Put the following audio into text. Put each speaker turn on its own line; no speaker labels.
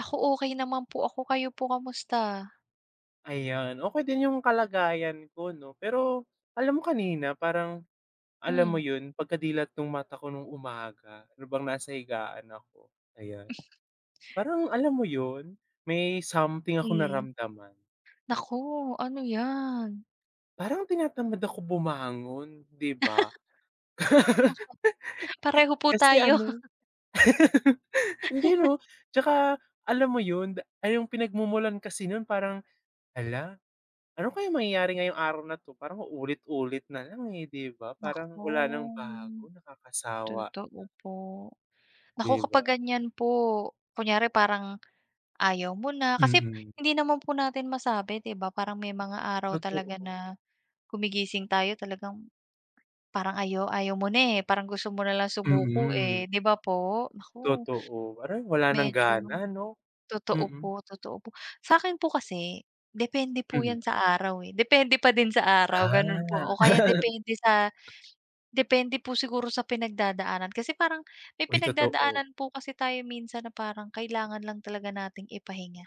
Ako, okey naman po ako, kayo po kumusta?
Ayan, okey din yung kalagayan ko 'no. Pero alam mo kanina parang, alam
Mm.
mo yun pagkadilat nung mata ko nung umaga, habang nasa higaan ako, ayan. Parang, alam mo yun, may something akong
Hmm,
naramdaman.
naku, ano yan?
Parang tinatamad ako bumangon, 'di ba.
Tas eh Pareho po
Kasi
tayo.
ano hindi 'no. Tsaka alam mo yun, ah, yung pinagmumulan kasi nun parang, "Hala, ano kaya mangyayari ngayong araw na 'to?" Parang ulit-ulit na lang, eh, 'di ba, parang
Naku,
wala nang
hmm,
bago nakakasawa na.
totoo po. Naku,
'Di ba?
kapag ganyan po, kunyari parang ayaw mo na, kasi
Mm.
hindi naman po natin masabi, 'di ba? Parang may mga araw talaga
Totoo.
na gumigising tayo, talagang, parang ayaw ayaw mo na, eh, parang gusto mo na lang sumuko,
Mm.
eh, 'di ba po? Naku,
Totoo, parang wala ng
medyo
gana 'no,
totoo
mm.
po, totoo po. Sa'kin po kasi, depende po
Mhm.
yan sa araw, eh. Depende pa din sa araw ganun po ako,
Ah.
kaya depende sa depende po siguro sa pinagdadaanan. Kasi parang may
Uy, totoo.
pinagdadaanan po kasi tayo minsan na parang kailangan lang talaga nating ipahinga.